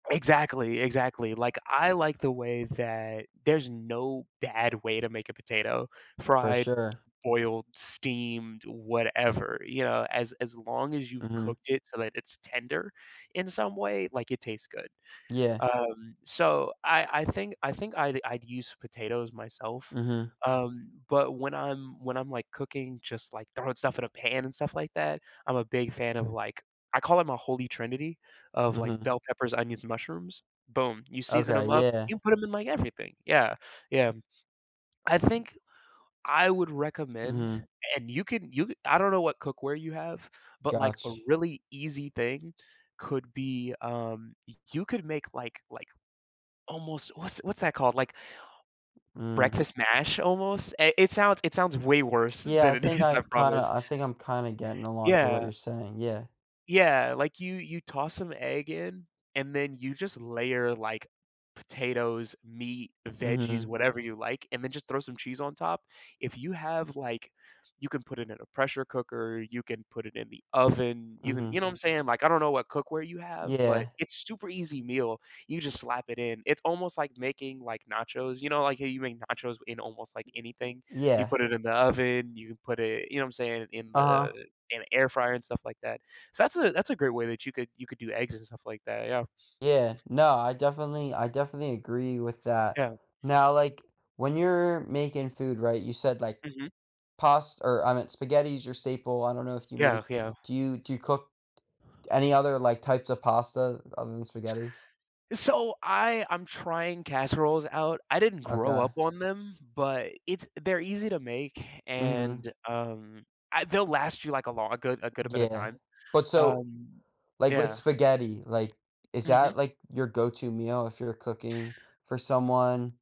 Exactly, exactly. Like, I like the way that there's no bad way to make a potato, For fried, sure. boiled, steamed, whatever, you know, as, as long as you've Mhm. cooked it so that it's tender in some way, like, it tastes good. Yeah. Um, so I I think, I think I'd I'd use potatoes myself, Mhm. um, but when I'm when I'm, like, cooking, just, like, throwing stuff in a pan and stuff like that, I'm a big fan of, like I call it a holy trinity of like Mhm. bell peppers, onions, mushrooms boom, you season Okay, 'em up, yeah. you put 'em in like everything, yeah, yeah. I think I would recommend Mhm. and you can you can, I don't know what cookware you have, but, like, a Gotch really easy thing could be, um, y you could make like like, almost what's what's that called? Like Mm. breakfast mash almost, i it sounds it sounds way worse Yeah, I than it think is, I I kinda promise. I think I'm kinda getting along to what Yeah. you're saying, yeah. Yeah, like, you you toss some egg in, and then you just layer, like, potatoes, meat, veggies, Mhm. whatever you like, and then just throw some cheese on top if you have, like you can put it in a pressure cooker, you can put it in the oven, you can Mhm. you know what I'm saying? Like I don't know what cookware you have, but Yeah. it's super easy meal. You just slap it in. It's almost like making, like, nachos, you know, like how you make nachos w in almost like anything, you Yeah. put it in the oven, you can put it, you know what I'm saying, in Uh-huh. the, in a air fryer and stuff like that. So, that's a, that's a great way that you could, you could do eggs and stuff like that, yeah. Yeah, no, I definitely, I definitely agree with that. Yeah. Now, like, when you're making food right, you said like Mhm. past or I meant spaghetti's your staple, I don't know if you Yeah, make yeah. do you, do you cook any other like types of pasta other than spaghetti? So, I, I'm trying casseroles out. I didn't grow up Okay. on them, but it's they're easy to make, Mhm. and um I they'll last you like a lon a good, a good bit D of Yeah. time, But so um, Like, with yeah. spaghetti, like, is Mhm. that, like, your go-to meal if you're cooking for someone?